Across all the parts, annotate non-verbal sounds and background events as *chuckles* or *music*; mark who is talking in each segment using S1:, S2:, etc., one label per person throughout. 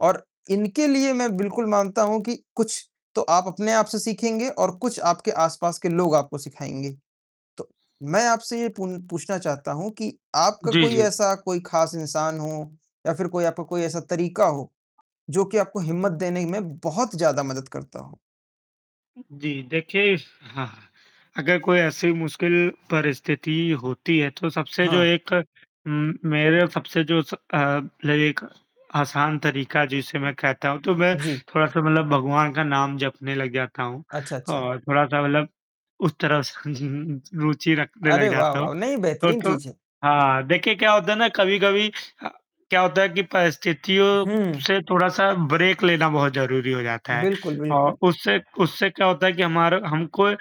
S1: और इनके लिए मैं बिल्कुल मानता हूँ कि कुछ तो आप अपने आप से सीखेंगे और कुछ आपके आसपास के लोग आपको सिखाएँगे। तो मैं आपसे ये पू पूछना चाहता हूँ कि आपका
S2: जी,
S1: कोई
S2: जी।
S1: ऐसा कोई खास इंसान हो या फ़िर कोई आपका कोई ऐसा तरीका हो। जो कि आपको हिम्मत देने में बहुत ज़्यादा मदद करता हो?
S2: जी देखिए हाँ, अगर कोई ऐसी मुश्किल परिस्थिति होती है तो सबसे जो
S1: हाँ।
S2: एक म मेरे सबसे जो अ, एक आसान तरीका जिसे मैं कहता हूँ। तो मैं
S1: जी।
S2: थोड़ा-सा मतलब भगवान का नाम जपने लग जाता हूँ
S1: अच्छा, अच्छा।
S2: और थोड़ा-सा मतलब उस तरफ *chuckles* रुचि रखने लग
S1: अरे वाह
S2: जाता हूँ।
S1: वाह! नहीं,
S2: तो
S1: बेहतरीन
S2: तो
S1: चीज़ है।
S2: हाँ, देखिए क्या होता है ना कभी-कभी क्या होता है कि परिस्थितियों
S1: हुँ।
S2: से थोड़ा-सा ब्रेक लेना बहुत ज़रूरी हो जाता है।
S1: बिल्कुल,
S2: और
S1: बिल्कुल।
S2: उससे उससे क्या होता है कि हमारा हमको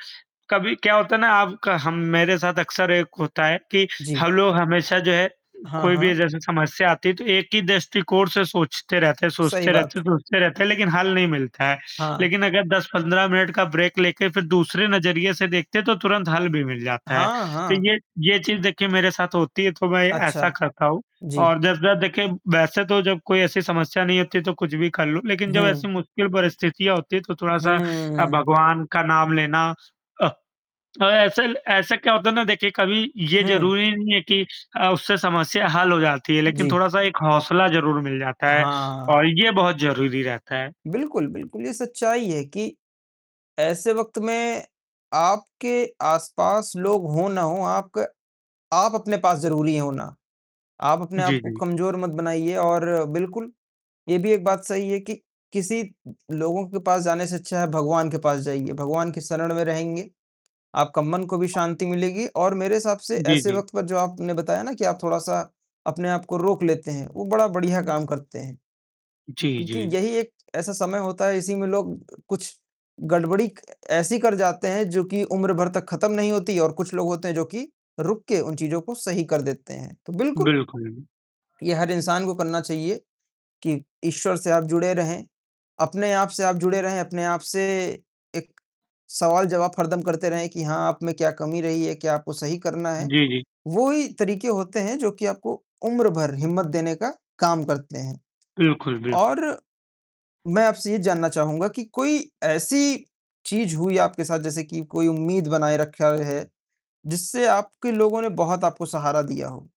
S2: कभी क्या होता है ना आपका हम मेरे साथ अक्सर एक होता है कि
S1: जी।
S2: हम लोग हमेशा जो है उ
S1: हाँ,
S2: कोई भी
S1: हाँ।
S2: जैसे समस्या आती है तो एक ही दृष्टिकोण से सोचते रहते हैं
S1: सही
S2: सोचते रहते
S1: बात।
S2: हैं सोचते रहते हैं लेकिन हल नहीं मिलता है।
S1: हाँ।
S2: लेकिन अगर 10-15 मिनट का ब्रेक लेके फ़िर दूसरे नज़रिए से देखते हैं तो तुरंत हल भी मिल जाता है।
S1: हाँ,
S2: तो
S1: हाँ।
S2: ये ये चीज़ देखिए मेरे साथ होती है तो मैं ऐसा
S1: अच्छा।
S2: करता हूँ
S1: जी।
S2: और जब जब देखिए वैसे तो जब कोई ऐसी समस्या नहीं होती तो कुछ भी कर लूँ। लेकिन जब ऐसी
S1: हुँ।
S2: मुश्किल परिस्थितियाँ होती है तो
S1: हुँ,
S2: थोड़ा-सा अ,
S1: हुँ।
S2: भगवान का नाम लेना। अ, ऐसे ऐसे क्या होता है ना देखिए कभी ये
S1: हुँ।
S2: ज़रूरी नहीं है कि अ, उससे समस्या हल हो जाती है लेकिन
S1: जी।
S2: थोड़ा-सा एक हौसला ज़रूर मिल जाता है
S1: हाँ।
S2: और ये बहुत ज़रूरी रहता है।
S1: बिल्कुल, बिल्कुल ये सच्चाई है कि ऐसे वक़्त में आपके आसपास लोग हो ना हो, आपका आप अपने पास ज़रूरी हैं होना। आप अपने आप
S2: जी,
S1: को
S2: जी।
S1: कमज़ोर मत बनाइए और बिल्कुल ये भी एक बात सही है कि किसी उ लोगों के पास जाने से अच्छा है भगवान के पास जाइए। भगवान के शरण में रहेंगे, आपका मन को भी शांति मिलेगी और मेरे हिसाब से
S2: जी,
S1: ऐसे
S2: जी।
S1: वक़्त पे जो आपने बताया ना कि आप थोड़ा-सा अपने आप को रोक लेते हैं, वो बड़ा बढ़िया काम करते हैं।
S2: जी,
S1: क्योंकि
S2: जी।
S1: यही एक ऐसा समय होता है, इसी में लोग अ, कुछ गड़बड़ी ए ऐसी कर जाते हैं जो कि उम्र भर तक खत्म नहीं होती और कुछ लोग होते हैं जो कि रुक के उन चीज़ों को सही कर देते हैं। तो बिल्कुल
S2: बिल्कुल।
S1: ये हर इंसान को करना चाहिए कि ईश्वर से आप जुड़े रहें। अपने आप से आप जुड़े रहें, अपने आप से एक सवाल-जवाब हरदम करते रहें कि हाँ आप में क्या कमी रही है, क्या आपको सही करना है।
S2: जी, जी।
S1: वो ही तरीके होते हैं जो कि आपको उम्र भर हिम्मत देने का काम करते हैं।
S2: बिल्कुल, बिल्कुल।
S1: और मैं आपसे ये जानना चाहूँगा कि कोई ऐसी चीज़ हुई आपके साथ जैसे कि कोई उम्मीद बनाए रखा है। जिससे आपके लोगों ने बहुत आपको सहारा दिया हो?